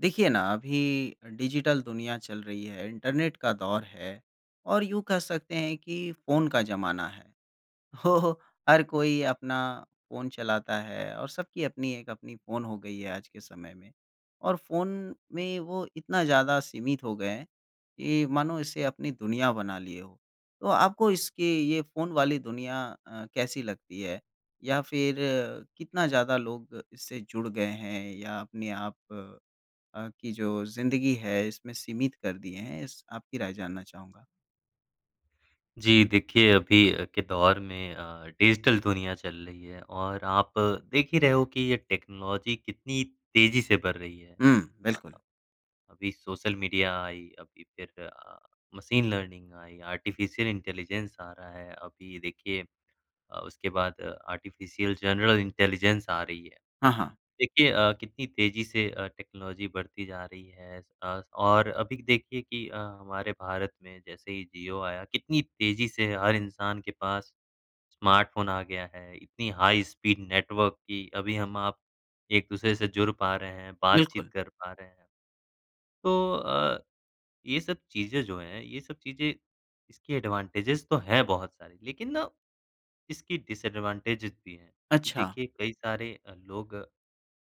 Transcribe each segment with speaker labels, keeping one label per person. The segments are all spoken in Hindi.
Speaker 1: देखिए ना अभी डिजिटल दुनिया चल रही है, इंटरनेट का दौर है और यूँ कह सकते हैं कि फ़ोन का ज़माना है, तो हर कोई अपना फ़ोन चलाता है और सबकी अपनी एक अपनी फ़ोन हो गई है आज के समय में। और फ़ोन में वो इतना ज़्यादा सीमित हो गए हैं, कि मानो इसे अपनी दुनिया बना लिए हो। तो आपको इसकी ये फ़ोन वाली दुनिया अ, कैसी लगती है? या फ़िर अ, कितना ज़्यादा लोग इससे जुड़ गए हैं या अपने आप अ, की जो ज़िंदगी है इसमें सीमित कर दिए हैं? इस आपकी राय जानना चाहूँगा?
Speaker 2: जी, देखिए अभी अ, के दौर में अ, डिजिटल दुनिया चल रही है और आप देख ही रहे हो कि ये टेक्नोलॉजी कितनी तेज़ी से बढ़ रही है।
Speaker 1: हुँ,
Speaker 2: अ
Speaker 1: बिल्कुल।
Speaker 2: अ, अभी सोशल मीडिया आई, अभी फ़िर अ, मशीन लर्निंग आई, आर्टिफिशियल इंटेलिजेंस आ रहा है, अभी देखिए अ, उसके बाद अ, आर्टिफिशियल जनरल इंटेलिजेंस आ रही है।
Speaker 1: हाँ, हाँ।
Speaker 2: देखिए अ, कितनी तेज़ी से अ, टेक्नोलॉजी बढ़ती जा रही है आस-पास और अभी देखिए कि अ, हमारे भारत में जैसे ही जियो आया कितनी तेज़ी से हर इंसान के पास स्मार्टफ़ोन आ गया है, इतनी हाई स्पीड नेटवर्क की अभी हम आप एक-दूसरे से जुड़ पा रहे हैं, बातचीत
Speaker 1: बिल्कुल।
Speaker 2: कर पा रहे हैं। तो अ, ये सब चीज़ें जो हैं, ये सब चीज़ें इसके एडवांटेजस तो है बहुत सारी, लेकिन ना इसकी डिसएडवांटेजस भी है कि
Speaker 1: अच्छा।
Speaker 2: देखिए कई सारे अ, लोग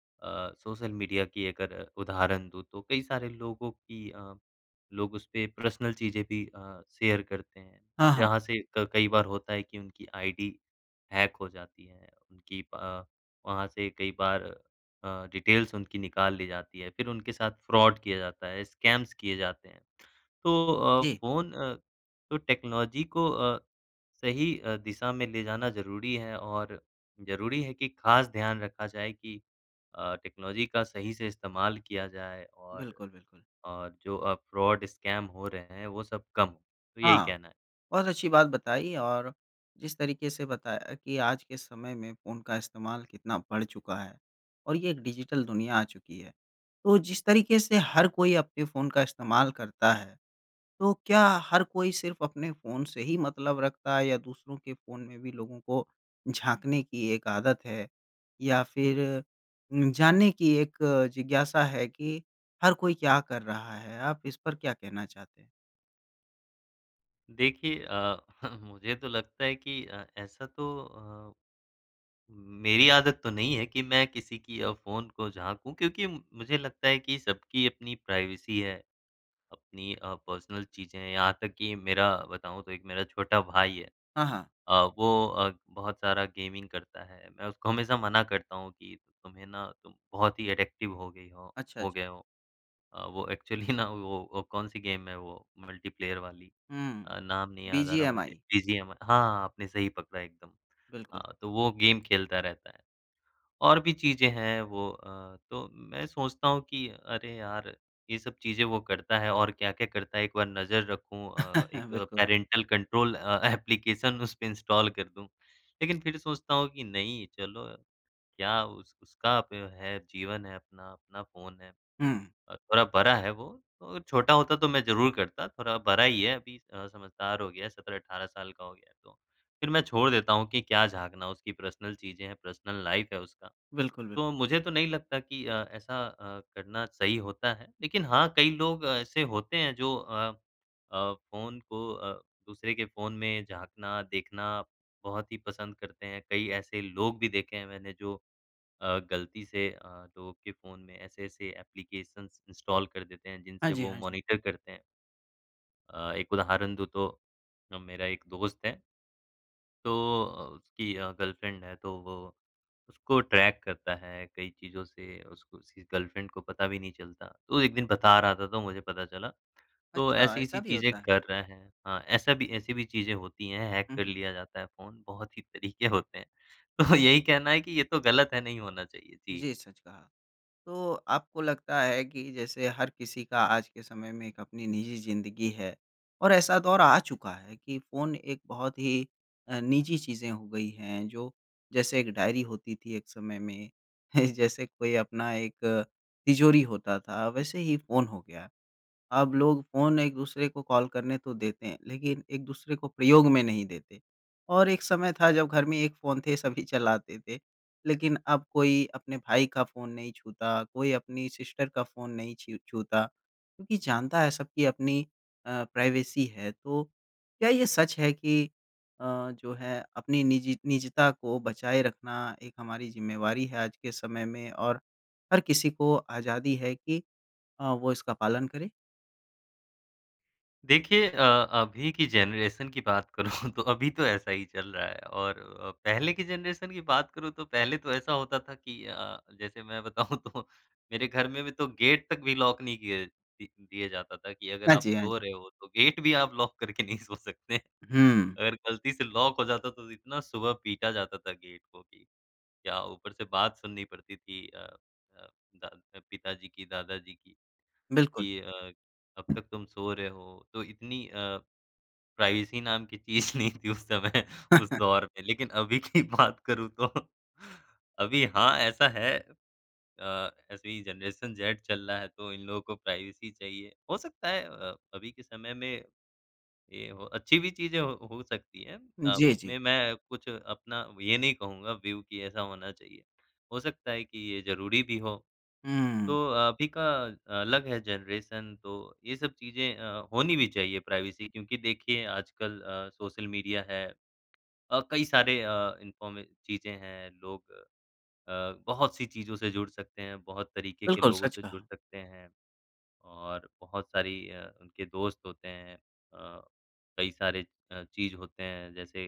Speaker 2: अ, सोशल मीडिया की अगर उदाहरण दूँ तो, कई सारे लोगों की अ, लोग उसपे पर्सनल चीज़ें भी अ, शेयर करते हैं।
Speaker 1: हाँ, हाँ।
Speaker 2: जहाँ से क कई बार होता है कि उनकी आइडी हैक हो जाती है। उनकी अ, वहाँ से कई बार अ, डिटेल्स उनकी निकाल ली जाती है, फ़िर उनके साथ फ्रॉड किया जाता है, स्कैम्स किये जाते हैं। तो अ,
Speaker 1: जी।
Speaker 2: फ़ोन अ, तो टेक्नोलॉजी को अ, सही अ, दिशा में ले जाना ज़रूरी है। और ज़रूरी है कि खास ध्यान रखा जाए कि अ, टेक्नोलॉजी का सही से इस्तेमाल किया जाए। और
Speaker 1: बिल्कुल, बिल्कुल।
Speaker 2: और जो अ, फ्रॉड स्कैम हो रहे हैं, वो सब कम हो। तो यही
Speaker 1: हाँ,
Speaker 2: कहना है।
Speaker 1: बहुत अच्छी बात बताई और जिस तरीके से बताया कि आज के समय में फ़ोन का इस्तेमाल कितना बढ़ चुका है और ये एक डिजिटल दुनिया आ चुकी है, तो जिस तरीके से हर कोई अपने फ़ोन का इस्तेमाल करता है, तो क्या हर कोई सिर्फ़ अपने फ़ोन से ही मतलब रखता है या दूसरों के फ़ोन में भी लोगों को झाँकने की एक आदत है? या फ़िर उम, जानने की एक जिज्ञासा है कि हर कोई क्या कर रहा है? आप इस पर क्या कहना चाहते हैं?
Speaker 2: देखिए अ, मुझे तो लगता है कि अ, ऐसा तो अ, मेरी आदत तो नहीं है कि मैं किसी की अ, फ़ोन को झाँकू, क्योंकि मुझे लगता है कि सबकी अपनी प्राइवेसी है, अपनी अ, पर्सनल चीज़ें हैं यहाँ तक कि मेरा बताऊँ तो 1 मेरा छोटा भाई है
Speaker 1: हाँ, हाँ।
Speaker 2: अ, वो अ, बहुत सारा गेमिंग करता है, मैं उसको हमेशा मना करता हूँ कि तुम्हें ना तुम बहुत ही एडिक्टिव हो गई हो
Speaker 1: अच्छा, अच्छा।
Speaker 2: हो गए हो। अ, वो एक्चुअली ना वो अ, कौन सी गेम है वो मल्टीप्लेयर वाली?
Speaker 1: हुँ,
Speaker 2: अ, नाम नहीं याद आ रहा मुझे
Speaker 1: बीजीएमआई।
Speaker 2: बीजीएम हाँ, आपने सही पकड़ा है एकदम
Speaker 1: बिल्कुल।
Speaker 2: अ, तो वो गेम खेलता रहता है। और भी चीज़ें हैं, वो अ, तो मैं सोचता हूँ कि अरे यार! ये सब चीज़ें वो करता है और क्या-क्या करता है एक बार नज़र रखूँ अ, एक
Speaker 1: बिल्कुल।
Speaker 2: पैरेंटल कंट्रोल अ, ऐप्लिकेशन उसपे इंस्टॉल कर दूँ। लेकिन फिर सोचता हूँ कि नहीं, चलो, क्या उस उसका ब है, जीवन है अपना, अपना फ़ोन है।
Speaker 1: हुँ।
Speaker 2: अ, थोड़ा बड़ा है, वो और छोटा होता तो मैं ज़रूर करता, थोड़ा बड़ा ही है अभी अ, समझदार हो गया है 17-18 साल का हो गया है, तो फिर मैं छोड़ देता हूँ कि क्या झाँकना, उसकी पर्सनल चीज़ें हैं, पर्सनल लाइफ है उसका,
Speaker 1: बिल्कुल, बिल्कुल।
Speaker 2: तो मुझे तो नहीं लगता कि अ, ऐसा अ, करना सही होता है, लेकिन हाँ, कई लोग ऐसे होते हैं जो अ अ, फ़ोन को अ, दूसरे के फ़ोन में झाँकना, देखना बहुत ही पसंद करते हैं। कई ऐसे लोग भी देखे हैं मैंने जो अ, ग़लती से अ, लोगों के फ़ोन में ऐसे-ऐसे ऐप्लिकेशंस इंस्टॉल कर देते हैं
Speaker 1: हाँ
Speaker 2: जिनसे
Speaker 1: जी,
Speaker 2: वो
Speaker 1: हाँ जी।
Speaker 2: मॉनिटर करते हैं। अ, एक उदाहरण दूँ तो ना मेरा एक दोस्त है तो अ, उसकी अ, गर्लफ्रेंड है, तो वो उसको ट्रैक करता है कई चीज़ों से, उसको उसकी गर्लफ्रेंड को पता भी नहीं चलता। तो एक दिन बता रहा था तो मुझे पता चला, तो
Speaker 1: अच्छा, ऐसा
Speaker 2: ऐसी-ऐसी
Speaker 1: भी
Speaker 2: चीज़ें
Speaker 1: होता है।
Speaker 2: कर रहा है। हाँ, ऐसा भी ऐसी भी चीज़ें होती हैं, हैक
Speaker 1: हुँ,
Speaker 2: कर
Speaker 1: हुँ।
Speaker 2: लिया जाता है फ़ोन बहुत ही तरीके होते हैं, तो यही कहना है कि ये तो गलत है, नहीं होना चाहिए। जी।
Speaker 1: जी, सच कहा। तो आपको लगता है कि जैसे हर किसी का आज के समय में एक अपनी निजी ज़िंदगी है और ऐसा दौर आ चुका है कि फ़ोन एक बहुत ही अ, निजी चीज़ें हो गई हैं, जो जैसे एक डायरी होती थी एक समय में, जैसे कोई अपना एक तिजोरी होता था, वैसे ही फ़ोन हो गया। अब लोग फ़ोन एक-दूसरे को कॉल करने तो देते हैं, लेकिन एक-दूसरे को प्रयोग में नहीं देते और एक समय था जब घर में एक फ़ोन थे, सभी चलाते थे। लेकिन अब कोई अपने भाई का फ़ोन नहीं छूता, कोई अपनी सिस्टर का फ़ोन नहीं छीर छूता क्योंकि जानता है सब की अपनी अ, प्राइवेसी है, तो क्या ये सच है कि अ, जो है अपनी निजी निजता को बचाए रखना एक हमारी जिम्मेवारी है आज के समय में और हर किसी को आज़ादी है कि अ, वो इसका पालन करें?
Speaker 2: देखिए अ, अभी की जनरेशन की बात करूँ तो अभी तो ऐसा ही चल रहा है और अ, पहले की जनरेशन की बात करूँ तो पहले तो ऐसा होता था कि अ, जैसे मैं बताऊँ तो मेरे घर में भी तो गेट तक भी लॉक नहीं किया दि दिया जाता था कि अगर
Speaker 1: हाँ
Speaker 2: आप
Speaker 1: जी, हाँ
Speaker 2: सो
Speaker 1: जी।
Speaker 2: रहे हो तो गेट भी आप लॉक करके नहीं सो सकते।
Speaker 1: उ हुँ।
Speaker 2: अगर गलती से लॉक हो जाता था, तो इतना सुबह पीटा जाता था गेट को कि क्या ऊपर से बात सुननी पड़ती थी अ अ, दा अ, पिताजी की, दादाजी की,
Speaker 1: बिल्कुल।
Speaker 2: कि अ, "अब तक तुम सो रहे हो?" तो इतनी अ, प्राइवेसी नाम की चीज़ नहीं थी उस समय, उस दौर में। लेकिन अभी की बात करूँ तो अभी हाँ, ऐसा है अ, ऐसी जनरेशन जेड चल रहा है, तो इन लोगों को प्राइवेसी चाहिए। हो सकता है अ, अभी के समय में, ये हो अच्छी भी चीज़ है, हो हो सकती हैं अ,
Speaker 1: जी, जी।
Speaker 2: इसमें मैं कुछ अपना ये नहीं कहूँगा व्यू कि ऐसा होना चाहिए, हो सकता है कि ये ज़रूरी भी हो। तो
Speaker 1: हुँ।
Speaker 2: अभी का अलग है जनरेशन तो ये सब चीज़ें अ, होनी भी चाहिए प्राइवेसी क्योंकि देखिए, आजकल अ, सोशल मीडिया है और कई सारे अ, इन्फॉर्म चीज़ें हैं, लोग अ, बहुत-सी चीज़ों से जुड़ सकते हैं, बहुत तरीके के
Speaker 1: बिल्कुल,
Speaker 2: लोगों
Speaker 1: सच
Speaker 2: से जुड़
Speaker 1: कहा।
Speaker 2: सकते हैं। और बहुत सारी अ, उनके दोस्त होते हैं अ, कई सारे अ, चीज़ होते हैं जैसे,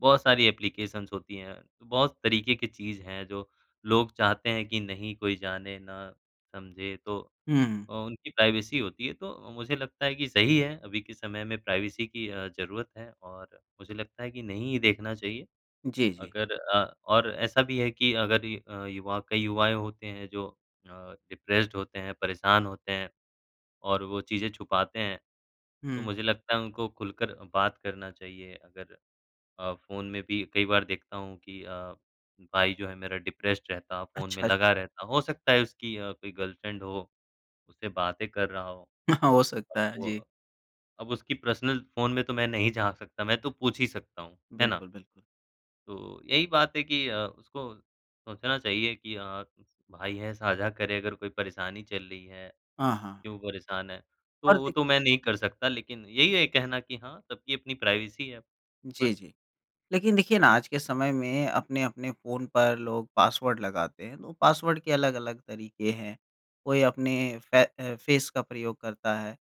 Speaker 2: बहुत सारी एप्लिकेशन्स होती हैं, तो बहुत तरीके की चीज़ है जो लोग चाहते हैं कि नहीं कोई जाने, ना समझे तो
Speaker 1: हुँ, हुँ।
Speaker 2: अ, उनकी प्राइवेसी होती है। तो मुझे लगता है कि सही है अभी के समय में प्राइवेसी की अ, ज़रूरत है और मुझे लगता है कि नहीं ही देखना चाहिए,
Speaker 1: जी, जी।
Speaker 2: अगर अ, और ऐसा भी है कि अगर ये अ, युवा कई युवाएँ होते हैं जो अ, डिप्रेस्ड होते हैं, परेशान होते हैं और वो चीज़ें छुपाते हैं, तो
Speaker 1: हुँ।
Speaker 2: मुझे लगता है उनको खुलकर अ, बात करना चाहिए। अगर अ, फ़ोन में भी कई बार देखता हूँ कि अ, भाई जो है मेरा डिप्रेस्ड रहता, फ़ोन में
Speaker 1: अच्छा,
Speaker 2: लगा
Speaker 1: अच्छा।
Speaker 2: रहता, हो सकता है उसकी अ, कोई गर्लफ्रेंड हो, उससे बातें कर रहा हो।
Speaker 1: हाँ, हो
Speaker 2: अब
Speaker 1: सकता है,
Speaker 2: वो
Speaker 1: जी।
Speaker 2: अब उसकी पर्सनल फ़ोन में तो मैं नहीं झाँक सकता, मैं तो पूछ ही सकता हूँ, है ना?
Speaker 1: बिल्कुल, बिल्कुल।
Speaker 2: तो, यही बात है कि अ, उसको सोचना चाहिए कि अ, भाई है, साझा करे, अगर कोई परेशानी चल रही है,
Speaker 1: हाँ, हाँ।
Speaker 2: क्यों परेशान है,
Speaker 1: और
Speaker 2: तो वो
Speaker 1: देख
Speaker 2: तो मैं नहीं कर सकता लेकिन यही है कहना कि हाँ, सबकी अपनी प्राइवेसी है।
Speaker 1: जी,
Speaker 2: बस
Speaker 1: जी। लेकिन देखिए ना, आज के समय में अपने-अपने फ़ोन पर लोग पासवर्ड लगाते हैं, तो पासवर्ड के अलग-अलग तरीके हैं। कोई अपने फै अ, फ़ेस का प्रयोग करता है,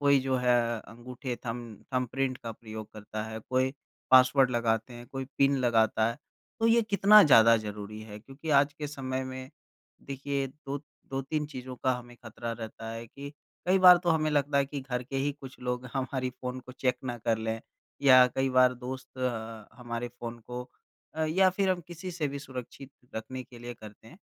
Speaker 1: कोई जो है अंगूठे थंब थंबप्रिंट का प्रयोग करता है, कोई पासवर्ड लगाते हैं, कोई पिन लगाता है। तो ये कितना ज़्यादा ज़रूरी है क्योंकि आज के समय में देखिए, दो 2-3 चीज़ों का हमें खतरा रहता है कि कई बार तो हमें लगता है कि घर के ही कुछ लोग हमारी फ़ोन को चेक ना कर लें या कई बार दोस्त अ, हमारे फ़ोन को अ, या फिर हम किसी से भी सुरक्षित रखने के लिए करते हैं,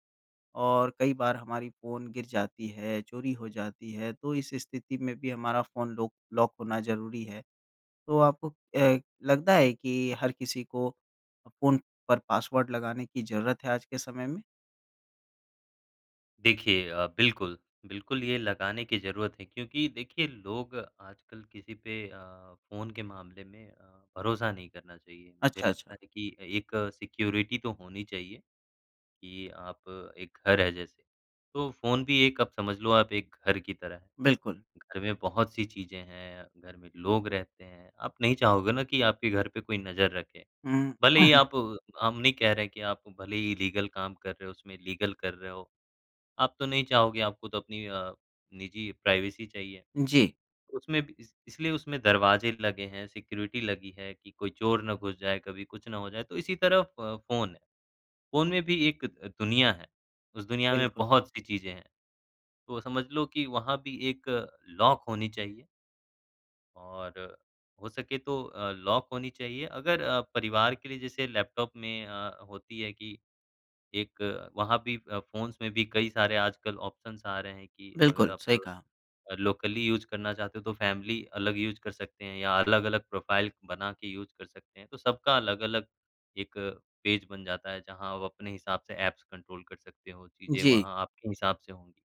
Speaker 1: और कई बार हमारी फ़ोन गिर जाती है, चोरी हो जाती है। तो इस स्थिति में भी हमारा फ़ोन लॉक लॉक होना ज़रूरी है, तो आपको अ, लगता है कि हर किसी को अ, फ़ोन पर पासवर्ड लगाने की ज़रूरत है आज के समय में?
Speaker 2: देखिए अ, बिल्कुल, बिल्कुल ये लगाने की ज़रूरत है क्योंकि देखिए लोग आजकल किसी पे अ, फ़ोन के मामले में अ, भरोसा नहीं करना चाहिए, मुझे
Speaker 1: अच्छा, अच्छा।
Speaker 2: लगता है कि अ, एक सिक्योरिटी तो होनी चाहिए। कि आप एक घर है जैसे, तो फ़ोन भी एक आप समझ लो आप एक घर की तरह है,
Speaker 1: बिल्कुल।
Speaker 2: घर में बहुत-सी चीज़ें हैं, घर में लोग रहते हैं, आप नहीं चाहोगे ना कि आपके घर पे कोई नज़र रखे।
Speaker 1: हुँ।
Speaker 2: भले ही आप हम नहीं कह रहे हैं कि आप भले ही लीगल काम कर रहे हो, उसमें लीगल कर रहे हो, आप तो नहीं चाहोगे, आपको तो अपनी अ, निजी प्राइवेसी चाहिए।
Speaker 1: जी।
Speaker 2: उसमें भी इस इसलिए उसमे दरवाजे लगे हैं, सिक्योरिटी लगी है कि कोई चोर ना घुस जाए, कभी कुछ ना हो जाए, तो इसी तरह फ़ फ़ोन है, फ़ोन में भी एक द दुनिया है, उस दुनिया में
Speaker 1: बिल्कुल।
Speaker 2: बहुत-सी चीज़ें हैं। तो समझ लो कि वहाँ भी एक लॉक होनी चाहिए। और हो सके तो अ, लॉक होनी चाहिए, अगर अ, परिवार के लिए जैसे लैपटॉप में अ, होती है कि, एक वहाँ भी अ, फ़ोन्स में भी कई सारे आजकल ऑप्शन्स आ रहे हैं, कि अगर
Speaker 1: बिल्कुल,
Speaker 2: आप
Speaker 1: सही कहा।
Speaker 2: अ, लोकली यूज़ करना चाहते हो, तो फैमिली अलग यूज़ कर सकते हैं, या अलग-अलग प्रोफाइल बना के यूज़ कर सकते हैं। तो सबका अलग-अलग एक पेज बन जाता है, जहाँ आप अपने हिसाब से ऐप्स कंट्रोल कर सकते हो, चीजें
Speaker 1: जी।
Speaker 2: वहाँ आपके हिसाब से होंगी।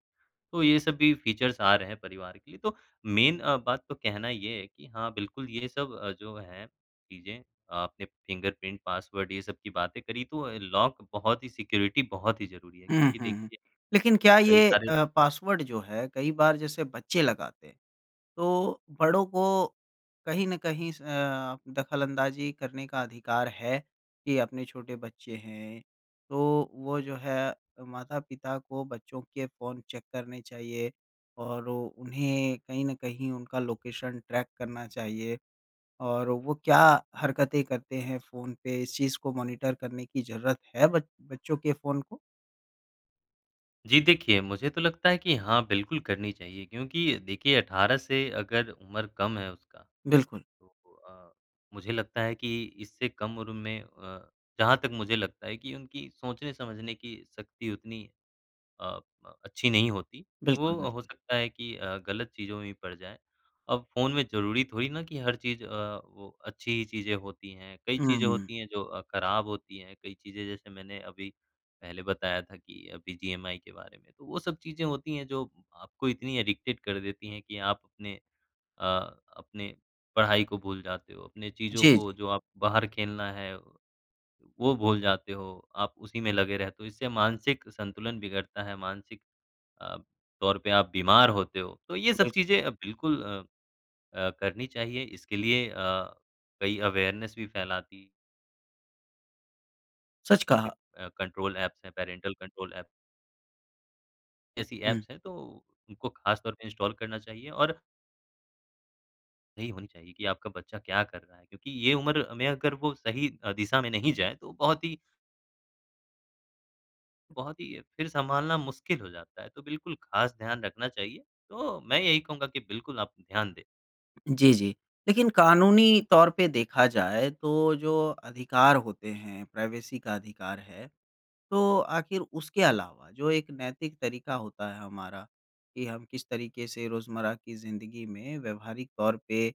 Speaker 2: तो ये सब भी फीचर्स आ रहे हैं परिवार के लिए, तो मेन अ, बात तो कहना ये है कि हाँ, बिल्कुल ये सब अ, जो हैं चीजें, आपने फिंगरप्रिंट, पासवर्ड ये सब की बातें करी तो ल लॉक बहुत ही सिक्योरिटी बहुत ही ज़रूरी है। क्योंकि
Speaker 1: हुँ।
Speaker 2: देखिए,
Speaker 1: लेकिन क्या
Speaker 2: कई
Speaker 1: ये
Speaker 2: सारे
Speaker 1: अ, पासवर्ड जो है, कई बार जैसे बच्चे लगाते हैं, तो बड़ों को कहीं न कहीं स अ, दखलअंदाज़ी करने का अधिकार है, कि अपने छोटे बच्चे हैं, तो वो जो है माता-पिता को बच्चों के फ़ोन चेक करने चाहिए और उन्हें कहीं न कहीं उनका लोकेशन ट्रैक करना चाहिए। और वो क्या हरकतें करते हैं फ़ोन पे, इस चीज़ को मॉनिटर करने की ज़रूरत है बच बच्चों के फ़ोन को?
Speaker 2: जी, देखिए, मुझे तो लगता है कि हाँ, बिल्कुल करनी चाहिए क्योंकि देखिए 18 से अगर उम्र कम है उसका,
Speaker 1: बिल्कुल।
Speaker 2: तो अ, मुझे लगता है कि इससे कम उम्र में अ, जहाँ तक मुझे लगता है कि उनकी सोचने-समझने की शक्ति उतनी अ अ, अच्छी नहीं होती, वो
Speaker 1: बिल्कुल,
Speaker 2: हो
Speaker 1: बिल्कुल।
Speaker 2: सकता है कि अ, गलत चीज़ों में भी पड़ जाएँ। अब फ़ोन में ज़रूरी थोड़ी ना कि हर चीज़ अ, वो अच्छी ही चीजें होती हैं, कई
Speaker 1: हुँ,
Speaker 2: चीजें
Speaker 1: हुँ।
Speaker 2: होती हैं जो अ, खराब होती हैं। कई चीज़ें जैसे मैंने अभी पहले बताया था कि अभी बीजीएमआई के बारे में, तो वो सब चीज़ें होती है जो आपको इतनी एडिक्टेड कर देती है कि आप अपने अ, अपने पढ़ाई को भूल जाते हो, अपने चीज़ों
Speaker 1: जी, जी।
Speaker 2: को जो आप बाहर खेलना है, वो भूल जाते हो, आप उसी में लगे रहते हो इससे मानसिक संतुलन बिगड़ता है, मानसिक अ, तौर पे आप बीमार होते हो। तो ये सब
Speaker 1: बिल
Speaker 2: चीज़ें बिल्कुल अ अ, करनी चाहिए। इसके लिए अ, कई अवेयरनेस भी फैलाती।
Speaker 1: सच कहा।
Speaker 2: अ, कंट्रोल ऐप्स हैं, पैरेंटल कंट्रोल ऐप। ऐसी
Speaker 1: हुँ।
Speaker 2: ऐप्स हैं, तो उनको खास तौर पे इंस्टॉल करना चाहिए और यही होनी चाहिए कि आपका बच्चा क्या कर रहा है, क्योंकि ये उम्र में अगर वो सही अ, दिशा में नहीं जाए, तो बहुत ही बहुत ही, फिर सँभालना मुश्किल हो जाता है, तो बिल्कुल खास ध्यान रखना चाहिए, तो मैं यही कहूँगा कि बिल्कुल आप ध्यान दें।
Speaker 1: जी, जी, लेकिन कानूनी तौर पे देखा जाए, तो जो अधिकार होते हैं, प्राइवेसी का अधिकार है, तो आखिर उसके अलावा जो एक नैतिक तरीका होता है हमारा कि हम किस तरीके से रोज़मर्रा की ज़िंदगी में व्यावहारिक तौर पे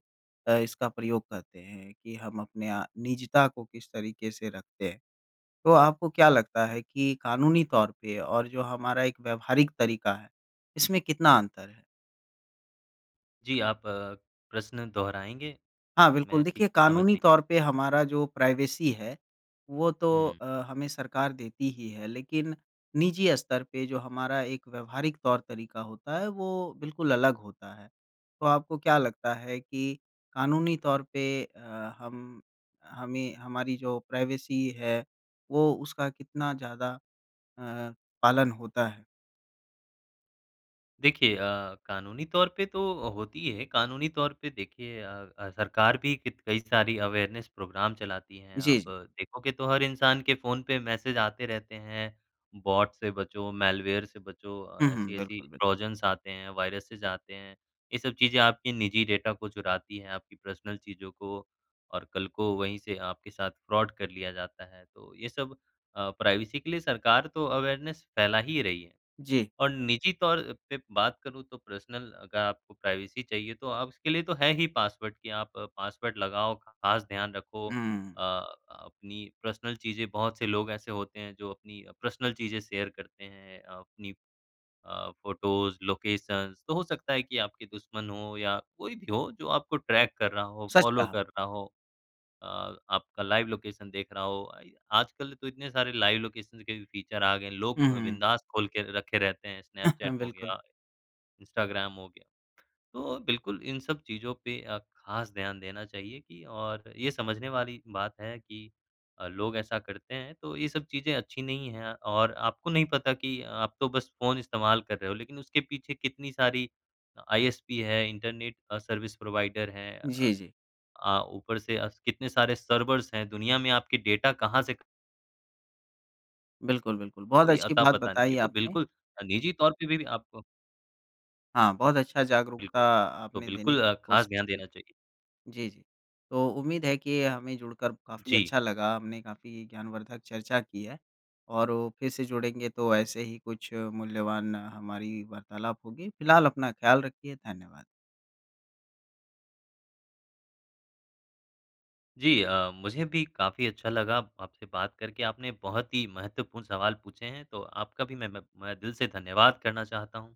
Speaker 1: अ, इसका प्रयोग करते हैं, कि हम अपने निजता को किस तरीके से रखते हैं, तो आपको क्या लगता है कि कानूनी तौर पे और जो हमारा एक व्यावहारिक तरीका है, इसमें कितना अंतर है?
Speaker 2: जी, आप प्रश्न दोहराएँगे?
Speaker 1: हाँ, बिल्कुल,
Speaker 2: मैं ठीक
Speaker 1: देखिए
Speaker 2: से समझ
Speaker 1: कानूनी
Speaker 2: नहीं पा
Speaker 1: तौर पे हमारा जो प्राइवेसी है, वो तो
Speaker 2: हुँ।
Speaker 1: अ, हमें सरकार देती ही है, लेकिन निजी स्तर पे जो हमारा एक व्यावहारिक तौर-तरीका होता है, वो बिल्कुल अलग होता है। तो आपको क्या लगता है कि कानूनी तौर पे अ, हम हमें हमारी जो प्राइवेसी है, वो उसका कितना ज़्यादा अ, पालन होता है?
Speaker 2: देखिए अ, कानूनी तौर पे तो अ, होती ही है, कानूनी तौर पे देखिए अ अ, सरकार भी कित कई सारी अवेयरनेस प्रोग्राम चलाती हैं,
Speaker 1: जी,
Speaker 2: आप
Speaker 1: जी।
Speaker 2: देखोगे तो हर इंसान के फ़ोन पे मैसेज आते रहते हैं। बॉट से बचो, मैलवेयर से बचो अ,
Speaker 1: उहुँ,
Speaker 2: ऐसी-ऐसी
Speaker 1: बिल्कुल, बिल्कुल।
Speaker 2: ट्रोजन्स आते हैं, वायरसेज़ आते हैं, ये सब चीज़ें आपकी निजी डेटा को चुराती हैं, आपकी पर्सनल चीज़ों को और कल को वहीं से आपके साथ फ्रॉड कर लिया जाता है। तो ये सब अ, प्राइवेसी के लिए सरकार तो अवेयरनेस फैला ही रही है
Speaker 1: जी।
Speaker 2: और निजी तौर पे बात करूँ तो पर्सनल अगर आपको प्राइवेसी चाहिए, तो अब उसके लिए तो है ही पासवर्ड कि आप पासवर्ड लगाओ, खास ध्यान रखो।
Speaker 1: हुँ।
Speaker 2: अ, अपनी पर्सनल चीज़ें बहुत से लोग ऐसे होते हैं जो अपनी अ, पर्सनल चीज़ें शेयर करते हैं, अपनी अ, फ़ोटोज़, लोकेशन्स तो हो सकता है कि आपके दुश्मन हों या कोई भी हो, जो आपको ट्रैक कर रहा हो,
Speaker 1: सच
Speaker 2: फ़ॉलो
Speaker 1: कहा।
Speaker 2: कर रहा हो अ, आपका लाइव लोकेशन देख रहा हो, आई आजकल तो इतने सारे लाइव लोकेशन के भी फीचर आ गए हैं,
Speaker 1: हुँ,
Speaker 2: लोग अ,
Speaker 1: हुँ।
Speaker 2: बिंदास खोल के रखे रहते हैं। स्नैपचैट हो
Speaker 1: बिल्कुल।
Speaker 2: गया, इंस्टाग्राम हो गया, तो बिल्कुल इन सब चीज़ों पे अ, खास ध्यान देना चाहिए कि और ये समझने वाली बात है कि अ, लोग ऐसा करते हैं तो ये सब चीज़ें अच्छी नहीं हैं और आपको नहीं पता कि आप तो बस फ़ोन इस्तेमाल कर रहे हो लेकिन उसके पीछे कितनी सारी अ, आईएसपी है, इंटरनेट अ, सर्विस प्रोवाइडर हैं। अ
Speaker 1: जी, जी।
Speaker 2: अ, ऊपर से अ, कितने सारे सर्वर्स हैं, दुनिया में आपकी डेटा कहाँ से
Speaker 1: बिल्कुल, बिल्कुल, बहुत
Speaker 2: कोई
Speaker 1: अच्छी
Speaker 2: अता
Speaker 1: बात
Speaker 2: पता नहीं है। ये
Speaker 1: बताई
Speaker 2: तो
Speaker 1: आपने।
Speaker 2: बिल्कुल अ, निजी तौर पे भी आपको
Speaker 1: हाँ, बहुत अच्छा जागरूकता
Speaker 2: बिल्कुल। तो
Speaker 1: आपने देने
Speaker 2: बिल्कुल
Speaker 1: की
Speaker 2: अ, खास
Speaker 1: कोशिश
Speaker 2: ध्यान
Speaker 1: की।
Speaker 2: देना चाहिए।
Speaker 1: जी, जी, तो उम्मीद है कि हमें जुड़कर काफ़ी
Speaker 2: जी।
Speaker 1: अच्छा लगा, हमने काफ़ी ज्ञानवर्धक चर्चा की है और वो फिर से जुड़ेंगे तो ऐसे ही कुछ मूल्यवान हमारी वार्तालाप होगी, फिलहाल अपना ख़याल रखिए, धन्यवाद।
Speaker 2: जी अ, मुझे भी काफ़ी अच्छा लगा आपसे बात करके। आपने बहुत ही महत्वपूर्ण सवाल पूछे हैं, तो आपका भी मैं म मैं दिल से धन्यवाद करना चाहता हूँ।